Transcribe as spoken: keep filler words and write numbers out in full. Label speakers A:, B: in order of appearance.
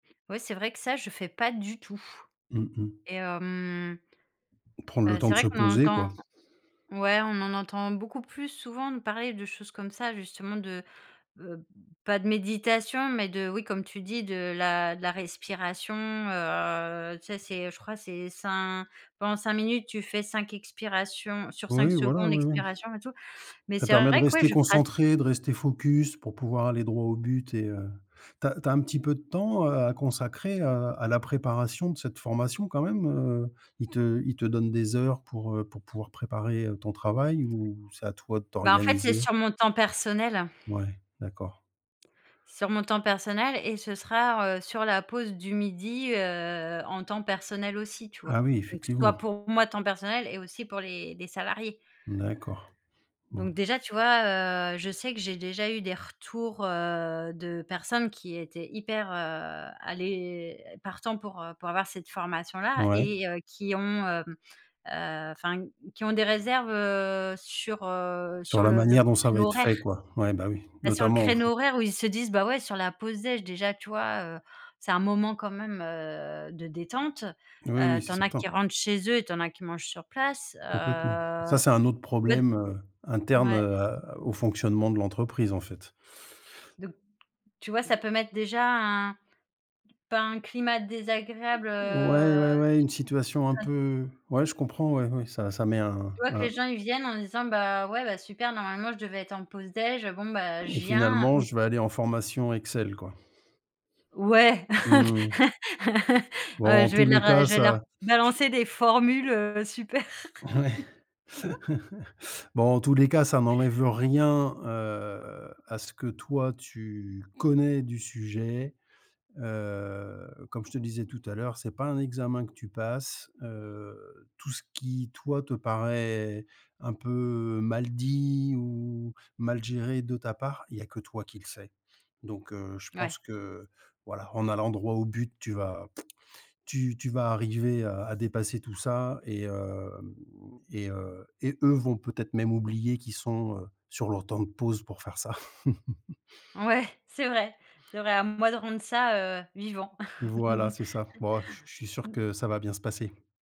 A: Oui, c'est vrai que ça, je fais pas du tout
B: Mmh mh.
A: et hem,
B: Prendre le
A: heu,
B: temps
A: c'est
B: de
A: vrai
B: se
A: qu'on en
B: poser, quoi.
A: entend ouais, on en entend beaucoup plus souvent de parler de choses comme ça, justement, de, heu, pas de méditation, mais de, oui, comme tu dis, de la de la respiration, heu, tu sais, c'est, je crois, c'est cin pendant cinq minutes, tu fais cinq expirations sur cinq
B: Oui, voilà,
A: secondes
B: oui, oui.
A: expirations et tout. Mais
B: Ça
A: c'est
B: permet de
A: vrai que ouais,
B: rester
A: je pra
B: concentré, de rester focus pour pouvoir aller droit au but et heu, tu as tu as un petit peu de temps, heu, à consacrer à à la préparation de cette formation, quand même, heu? Ils te ils te donnent des heures pour, heu, pour pouvoir préparer, heu, ton travail ou c'est à toi de
A: Bah, en fait, c'est
B: t'organiser?
A: sur mon temps personnel.
B: Ouais, d'accord.
A: Sur mon temps personnel et ce sera, r heu, sur la pause du midi, heu, en temps personnel, aussi, tu vois?
B: Ah oui,
A: Donc, soit
B: effectivement.
A: pour moi, temps personnel et aussi pour les les salariés.
B: D'accord. Bon.
A: Donc déjà, tu vois, heu, je sais que j'ai déjà eu des retours, heu, de personnes qui étaient hyper, heu, aller partants pour, heu, pour avoir cette formation-là
B: Ouais.
A: et heu, qui ont, hem, heu, enfin, qui ont des réserves, heu, sur, heu, sur
B: Sur la
A: le le
B: manière dont ça va
A: créneau
B: être
A: horaire.
B: fait, quoi? Ouais, bah, oui,
A: Bah, sur le
B: notamment, au
A: créneau
B: fond
A: horaire où ils se disent: «Bah, ouais, sur la pause déj», déjà, tu vois? Heu, c'est un moment quand même, heu, de détente,
B: Oui,
A: heu,
B: oui,
A: tu
B: c'est
A: en as
B: certain.
A: qui rentrent chez eux et tu en as qui mangent sur place,
B: Complètement. Ça,
A: heu,
B: c'est un autre
A: ged
B: problème, heu, interne,
A: mouais.
B: heu, à au fonctionnement de l'entreprise, en fait.
A: Donc, tu vois, ça peut mettre déjà un pas un climat désagréable,
B: Ou ouais,
A: heu,
B: ouais, ouais. Une situation un
A: enfin
B: peu ouais, je comprends, ouais. Ouais, ça ça met un
A: Tu vois que les
B: un
A: gens, ils viennent en disant: «Bah, ouais, bah super, normalement, je devais être en pause déj. Bon, bah, je
B: Et
A: viens»,
B: finalement,
A: mais
B: je vais aller en formation Excel, quoi.
A: Ouais.
B: Mmh mh.
A: Ouais,
B: Bon,
A: ouais,
B: en
A: je vais
B: tous
A: leur,
B: les
A: heu,
B: cas,
A: je vais leur
B: ça, j
A: balancer des formules, heu, super.
B: Ouais. Bon, en tous les cas, ça n'enlève rien, heu, à ce que toi, tu connais du sujet, heu, comme je te disais tout à l'heure, c'est pas un examen que tu passes, heu, tout ce qui, toi, te paraît un peu mal dit ou mal géré de ta part, il y a que toi qui le sais. Donc heu, je
A: Ouais.
B: pense que, voilà, en allant droit au but, tu vas pout, tu tu vas arriver à à dépasser tout ça et hem et heu et eux vont peut-être même oublier qu'ils sont, heu, sur leur temps de pause pour faire ça.
A: Ouais, c'est vrai. C'est vrai, à moi de rendre ça, heu, vivant.
B: Voilà, c'est
A: Mmh.
B: ça. B oh, je je suis sûr que ça va bien se passer.